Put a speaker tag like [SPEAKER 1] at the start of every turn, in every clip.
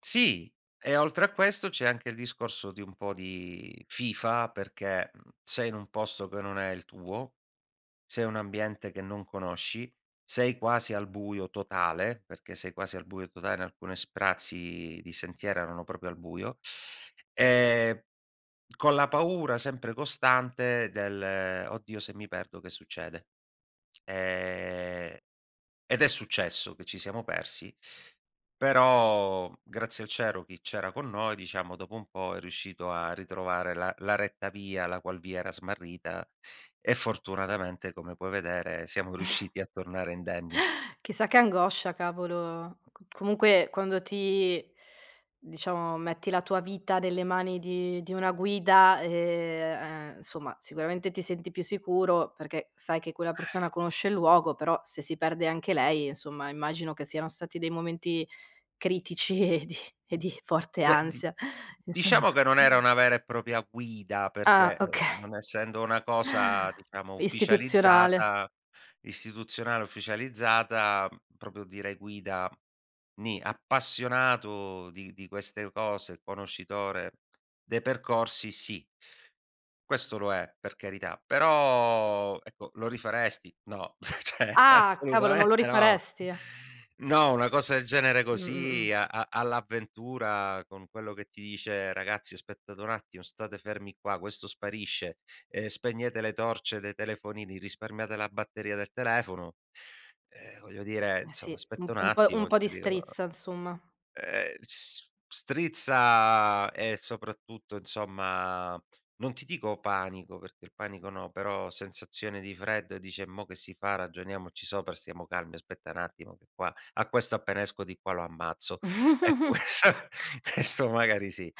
[SPEAKER 1] Sì e oltre a questo c'è anche il discorso di un po' di fifa, perché, mhmm, sei in un posto che non è il tuo, sei un ambiente che non conosci, sei quasi al buio totale perché sei quasi al buio totale in alcune sprazzi di sentiero erano proprio al buio, ehm, con la paura sempre costante del: "Oddio, se mi perdo che succede?". Ehm, ed è successo che ci siamo persi, però grazie al cielo chi c'era con noi, diciamo, dopo un po' è riuscito a ritrovare la la retta via, la qual via era smarrita e, fortunatamente, come puoi vedere, siamo riusciti a tornare indenni.
[SPEAKER 2] Chissà che angoscia, cavolo. C comunque quando ti diciamo, metti la tua vita nelle mani di di una guida, ehm, uhm, insomma, sicuramente ti senti più sicuro perché sai che quella persona conosce il luogo, però se si perde anche lei, insomma, immagino che siano stati dei momenti critici e di e di forte
[SPEAKER 1] Beh di
[SPEAKER 2] ansia, e insomma.
[SPEAKER 1] diciamo che non era una vera e propria guida,
[SPEAKER 2] Ah,
[SPEAKER 1] perché, ehm,
[SPEAKER 2] oka
[SPEAKER 1] non essendo una cosa diciamo,
[SPEAKER 2] Istituzionale.
[SPEAKER 1] ufficializzata, istituzionale ufficializzata, uhm, proprio dire guida, ni. Appassionato di di queste cose, conoscitore dei percorsi, sì questo lo è, per carità, però ecco: "Lo rifaresti?", "No", cioè,
[SPEAKER 2] Ah! Cavolo, non lo
[SPEAKER 1] assolutamente no".
[SPEAKER 2] rifaresti?
[SPEAKER 1] No, una cosa del genere
[SPEAKER 2] Mh-mh-mh.
[SPEAKER 1] così, a a all'avventura, con quello che ti dice: "Ragazzi, aspettate un attimo, state fermi qua!", questo sparisce, ehm, "Spegnete le torce dei telefonini, risparmiate la batteria del telefono!". Eh, voglio dire
[SPEAKER 2] Eh, sì,
[SPEAKER 1] insomma
[SPEAKER 2] u
[SPEAKER 1] aspetta un
[SPEAKER 2] un po' un
[SPEAKER 1] attimo,
[SPEAKER 2] po' di
[SPEAKER 1] cioè dico
[SPEAKER 2] strizza, insomma.
[SPEAKER 1] Ehm, s strizza e, soprattutto, insomma, non ti dico panico, perché il panico no, però sensazione di freddo e dici: "E mo che si fa? Ragioniamoci sopra, stiamo calmi, aspetta n'attimo che qua a questo appena esco di qua lo ammazzo", ecco, ques questo magari sì.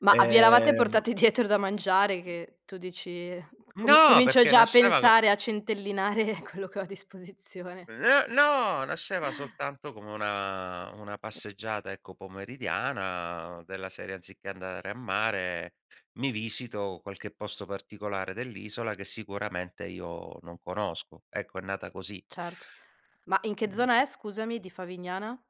[SPEAKER 2] Ma a vi eravate
[SPEAKER 1] Ehm
[SPEAKER 2] portati dietro da mangiare che tu dici: "Com
[SPEAKER 1] No,
[SPEAKER 2] comincio
[SPEAKER 1] perché
[SPEAKER 2] già a
[SPEAKER 1] nasceva co
[SPEAKER 2] pensare, a centellinare quello che ho a disposizione".
[SPEAKER 1] N no! Nasceva soltanto come una una passeggiata, ecco, pomeridiana, della serie anziché andare a mare, mi visito qualche posto particolare dell'isola che sicuramente io non conosco. Ecco, è nata così.
[SPEAKER 2] Certo. Ma in che zona è, scusami, di Favignana?